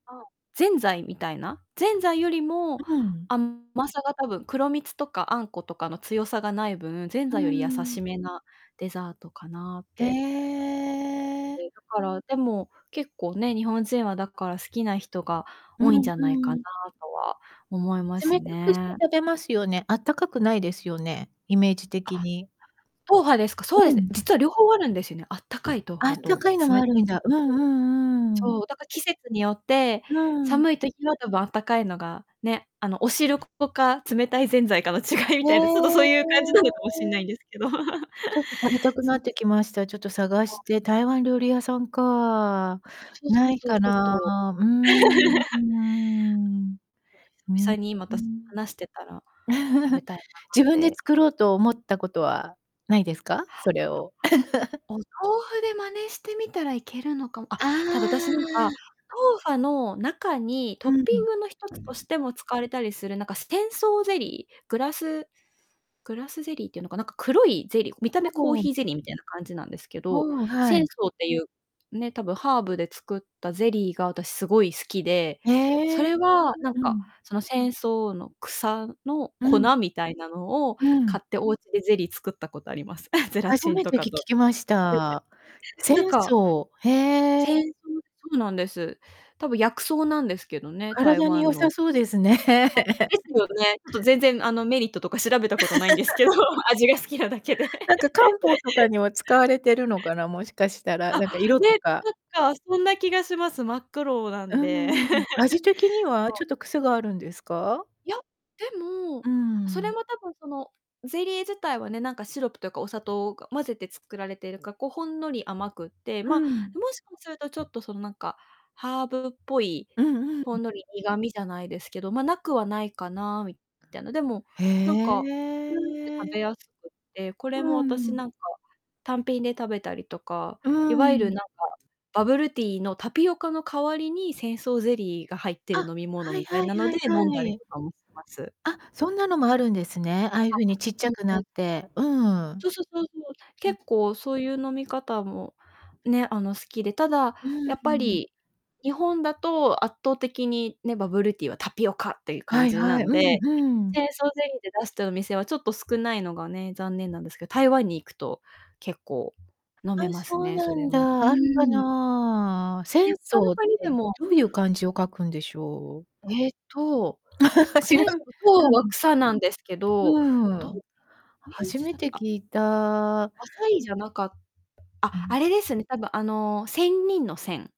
あ、ぜんざいみたいな。ぜんざいよりも、うん。甘さがたぶん黒蜜とかあんことかの強さがない分、ぜんうざいより優ーん。しめなデザートかなっへてえ。え、だから、でも結構ね、日本人はだから好きな人がう多いんじんゃないかうなん。とは思います冷たくしてね。食べますよね。あったかくないですよね？イメージあ、的は、に。トウファですか？そううですね、ん。実は両方あるんですよね。あったかいトウフあっァたとかいのも冷あるたいんトウだ。うフんァうと。ん、うーん。そう、だか、季節によってうーん。寒い時は多分あったかいのがね、あの、お汁粉か冷たいぜんざいかの違いへみたいな、ちょっとそういう感じなのかもしんなえ。いんですけど。ちょっと食べたくそなう。ってきました。ちょっと探そう。して。台湾料理屋さんか。そうそなういそう、かちょっな。とうーんうー んそうです。うーぴん。さにまた、し話してたら、食べ たいな自っ分でて。作ろうと思ったことはないですか？それを。お豆腐で真似してみたらいけるのかも。あっ、あただ私なんか、あ。トウファの中にうトッんうピん。ングの一つとしても使われたりする、なんか、すテンソーゼリー、グラスグラスゼリーっていうのか、なんか黒いゼリー、見たほ目コーぼヒーゼリーみたいな感じなんですけど、うーん、は仙い。草っていう、ね、多分ハーブで作ったゼリーが私すごい好きで、そええ、れは、なんうんうか、ん。その仙草の草のう粉ん。みたいなのをう買ん。ってお家でゼリー作ったことあります。ゼラ初チンめとてかき聞と。きまし [unintelligible] た。仙なんか草、へえ。仙草、そうなんです。たぶん薬草なんですけどね、台体に良湾さの。そうですね。あ、ですよね。ちょっと全然、あの、メリットとか調べたことないんですけど、味が好きなだけで。なんか、漢方 とかには使われてるのかな、もしかしたら。あ、なんか、色とね、か。なんか、そんな気がします。真っ黒なうんーで。ん。味的に はそちう。ょっと癖があるんですか？いや、でうも、ーそれん。も多分そのゼリー自体はね、なんか、シロップというかお砂糖が混ぜて作られているか、こう、ほんのり甘くって、うま、もん。しかすると、ちょっと、その、なんかハーブっぽい、うんうほん。んのり苦みじゃないですけど、ま、無くはないかな、みたいな。でも、へなんか、うんって、食え。べやすくって、こうれもー私、ん。なんか、単品で食べたりとか、うーいわゆる、ん。なんか、バブルティーのタピオカの代わりに仙草ゼリーが入ってあ、る飲み物はいみたいはいなのはでい飲んはだりい。とかもます。あ、そんなのもあるんですね。ああいうふあ、うにちっちうゃんくうなん。って。うーん。そそ、そうそう。うん。結構そういう飲み方もね、あの、好きで、ただ、うんやっうぱん。り、日本だと圧倒的にね、バブルティーはタピオカっていうは感いじはない、んうで、んうん。仙草ゼリーで出してるお店はちょっと少ないのがね、残念なんですけど、台湾に行くと結構飲あ、めますそうね、そなれんも。だ、うあるかーん。な。で、仙他の草っ国にでて、もどういう漢字を書くんでしょう？えっと、く知仙らん、草、うんそうはうん。草なんですけど、うどう、ーん。え、いう初字めだってたあ聞いた。浅いじゃなかあ、うあん。れですね、多分、あの、仙人の仙。